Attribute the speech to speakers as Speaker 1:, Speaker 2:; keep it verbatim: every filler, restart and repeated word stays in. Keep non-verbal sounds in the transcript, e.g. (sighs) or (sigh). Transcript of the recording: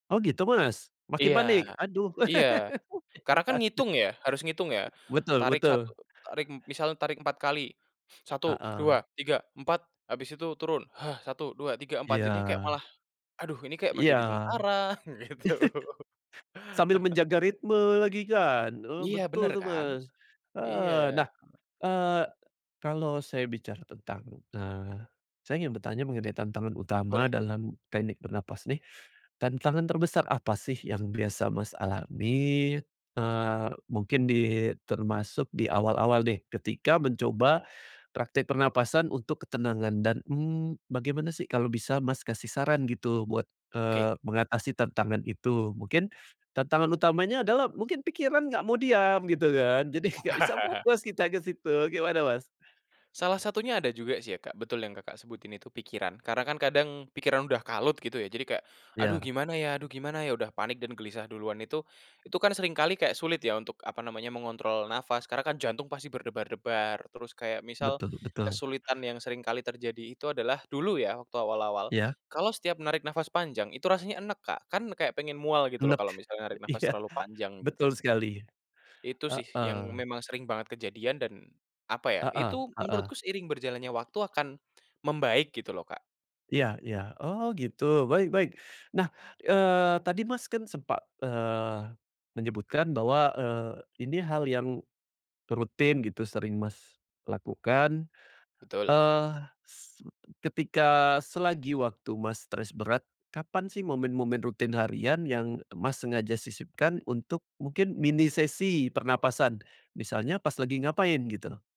Speaker 1: Oh gitu, Mas, makin
Speaker 2: Iya
Speaker 1: panik? Aduh
Speaker 2: iya. Karena
Speaker 1: (laughs)
Speaker 2: kan
Speaker 1: Waduh.
Speaker 2: ngitung ya, harus ngitung ya.
Speaker 1: Betul
Speaker 2: Tarik
Speaker 1: betul.
Speaker 2: satu tarik misalnya tarik empat kali. (inhales) satu, dua,
Speaker 1: Heeh.
Speaker 2: tiga, empat habis itu turun. (sighs) satu, dua, tiga, empat jadinya
Speaker 1: Iya.
Speaker 2: kayak malah, aduh ini kayak mau
Speaker 1: Iya.
Speaker 2: jadi
Speaker 1: (chuckles)
Speaker 2: tentara, gitu.
Speaker 1: Sambil
Speaker 2: (laughs)
Speaker 1: menjaga ritme lagi kan, eee,
Speaker 2: Iya bener
Speaker 1: betul tuh,
Speaker 2: kan.
Speaker 1: Mas,
Speaker 2: Iya.
Speaker 1: heeh. Nah, eee, kalau saya bicara tentang, eee, saya ingin bertanya mengenai tantangan utama
Speaker 2: Boleh.
Speaker 1: dalam teknik bernapas nih, tantangan terbesar apa sih yang biasa Mas alami, eee, mungkin di termasuk di awal-awal nih ketika mencoba praktek pernapasan untuk ketenangan dan, mmm, bagaimana sih kalau bisa, Mas, kasih saran gitu buat,
Speaker 2: Oke.
Speaker 1: eee, mengatasi tantangan itu, mungkin tantangan utamanya adalah mungkin pikiran nggak mau diam gitu kan, jadi nggak bisa
Speaker 2: (chuckles)
Speaker 1: fokus kita ke situ, gimana, Mas?
Speaker 2: Salah satunya ada juga sih ya, Kak, betul yang, Kakak, sebutin itu pikiran. Karena kan kadang pikiran udah kalut gitu ya jadi kayak, "Aduh
Speaker 1: Iya.
Speaker 2: gimana ya aduh gimana ya?" Udah panik dan gelisah duluan itu itu kan sering kali kayak sulit ya untuk apa namanya, mengontrol nafas karena kan jantung pasti berdebar-debar. Terus kayak misal,
Speaker 1: Betul betul.
Speaker 2: kesulitan yang sering kali terjadi itu adalah dulu ya waktu awal-awal,
Speaker 1: Iya.
Speaker 2: kalau setiap narik nafas panjang itu rasanya enek, Kak, kan kayak pengen mual gitu loh
Speaker 1: Enek,
Speaker 2: kalau misalnya narik nafas
Speaker 1: iya.
Speaker 2: terlalu panjang
Speaker 1: Betul
Speaker 2: gitu.
Speaker 1: sekali,
Speaker 2: Itu sih yang
Speaker 1: heeh.
Speaker 2: memang sering banget kejadian dan apa ya,
Speaker 1: Heeh
Speaker 2: itu
Speaker 1: heeh.
Speaker 2: menurutku seiring berjalannya waktu akan membaik gitu loh, Kak.
Speaker 1: Iya iya, oh gitu, baik baik. Nah, eee, tadi Mas kan sempat, eee, menyebutkan bahwa, eee, ini hal yang rutin gitu sering Mas lakukan,
Speaker 2: Betul.
Speaker 1: eee, s ketika selagi waktu Mas stres berat, kapan sih momen-momen rutin harian yang Mas sengaja sisipkan untuk mungkin mini sesi pernapasan, misalnya pas lagi ngapain gitu?